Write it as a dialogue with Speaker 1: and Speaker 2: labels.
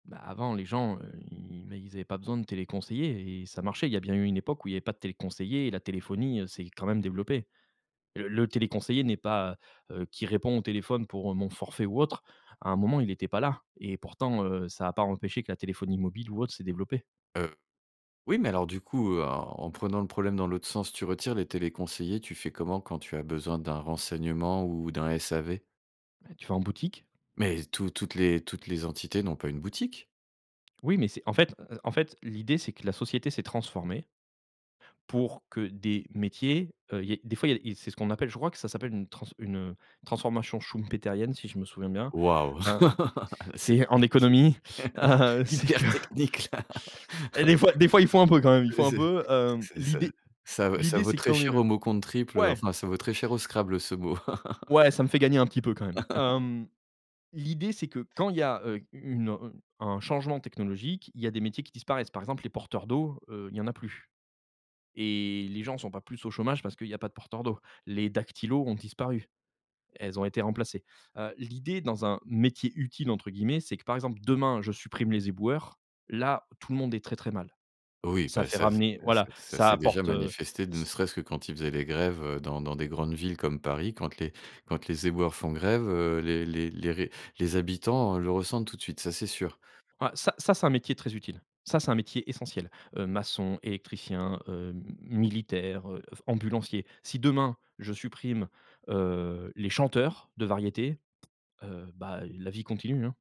Speaker 1: Bah, avant les gens, heu, ils ils, bah, ils avaient pas besoin de téléconseillers et et ça marchait. Il y a bien eu une époque où il y avait pas de téléconseillers, et la téléphonie, heu, s'est quand même développée. Le le téléconseiller n'est pas, heu heu, qui répond au téléphone pour mon forfait ou autre, à un moment il était pas là et pourtant, heu, ça a pas empêché que la téléphonie mobile ou autre s'est développée.
Speaker 2: Heu, oui, mais alors, du coup, heu, en en prenant le problème dans l'autre sens, tu retires les téléconseillers. Tu fais comment, quand tu as besoin d'un renseignement ou d'un SAV?
Speaker 1: Bah, tu vas en boutique.
Speaker 2: Mais tou toutes les toutes les entités n'ont pas une boutique.
Speaker 1: Oui, mais c'est en fait, heu heu, en fait l'idée c'est que la société s'est transformée pour que des métiers heu, il y ait des fois il y a des et c'est ce qu'on appelle je crois que ça s'appelle une transf une, heu, transformation schumpétérienne, si je me souviens bien.
Speaker 2: Waouh!
Speaker 1: Hem,
Speaker 2: C'est
Speaker 1: c'est en économie
Speaker 2: [unintelligible]
Speaker 1: c'est que
Speaker 2: hyper technique là!
Speaker 1: et des fois des fois il faut un peu quand même, il faut un
Speaker 2: Heu,
Speaker 1: peu hem,
Speaker 2: c'est ça
Speaker 1: l'idée
Speaker 2: ça ça v ça
Speaker 1: l'idée
Speaker 2: vaut
Speaker 1: c'est
Speaker 2: très
Speaker 1: quand une,
Speaker 2: cher au
Speaker 1: heu
Speaker 2: mot compte triple, heu,
Speaker 1: ouais!
Speaker 2: enfin, ça vaut très cher au Scrabble ce mot.
Speaker 1: Ouais, ça me fait gagner un petit peu quand même, hem, l'idée c'est que quand il y a, heu, u une, heu, u un changement technologique, il y a des métiers qui disparaissent. Par exemple, les porteurs d'eau, heu, il y en a plus, et les gens sont pas plus au chômage parce qu'il y a pas de porteurs d'eau. Les dactylo ont disparu, elles ont été remplacées. Heu, l'idée dans un métier «utile» entre guillemets, c'est que par exemple demain je supprime les éboueurs, là tout le monde est très, très mal.
Speaker 2: Oui,
Speaker 1: Ça
Speaker 2: bah,
Speaker 1: fait
Speaker 2: ça ça
Speaker 1: ramener
Speaker 2: ça
Speaker 1: voilà,
Speaker 2: ça
Speaker 1: ça
Speaker 2: s'est déjà
Speaker 1: apporte, heu,
Speaker 2: manifesté, ne
Speaker 1: s
Speaker 2: serait-ce que quand ils faisaient les grèves, heu, dans dans des grandes villes, comme Paris. Quand les quand les éboueurs font grève, heu, les les les ré les habitants le ressentent tout de suite, ça, c'est sûr.
Speaker 1: Ouais ça ça c'est un métier très utile. Ça, c'est un métier essentiel. Heu, maçon, électricien, heu, m m militaire heu f ambulancier. Si demain je supprime, heu, les chanteurs de variétés, heu, bah la vie continue hein.